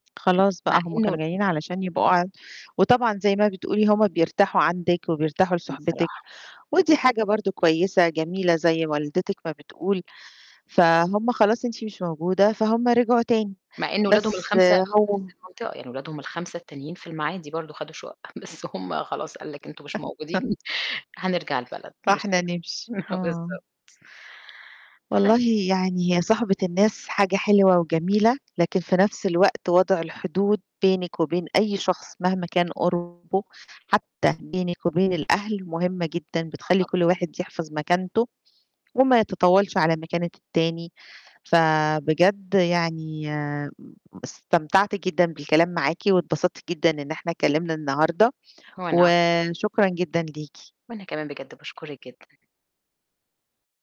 خلاص مع بقى هم إنه كانوا جايين علشان يبقوا ع وطبعًا زي ما بتقولِي هم بيرتاحوا عندِك، وبيرتاحوا جدًا لصحبتِك، بصراحة. ودي حاجة برضه كويسة جميلة زي والدتِك ما بتقول، فهُم خلاص أنتِ مش موجودة فهُم رجعوا تاني، مع إن ولادهم بس ال5 في هو نَفْس المنطقة، يعني ولادهم ال5 التانيين في المعادي برضه خدوا شُقَق بس هم خلاص قال لك أنتم مش موجودين هنرجع البلد مش فإحنا نمشي، آه. بالضبط. ف والله يعني هي صُحبة الناس حاجة حلوة وجميلة، لكن في نَفْس الوقت وضع الحدود بينِك وبين أي شخص مهما كان قُربه، حتّى بينِك وبين الأهل مهمة جدًا، آه بتخلّي طبعًا. كل واحد يحفظ مكانته وما يتطاولش على مكانة التاني، فبجد يعني آمم استمتعت جدًا بالكلام معاكِ واتبسطت جدًا إن إحنا اتكِّلمنا النهاردة، وأنا أك وشكرًا جدًا ليكِ. وأنا كمان بجد باشكرِك جدًا.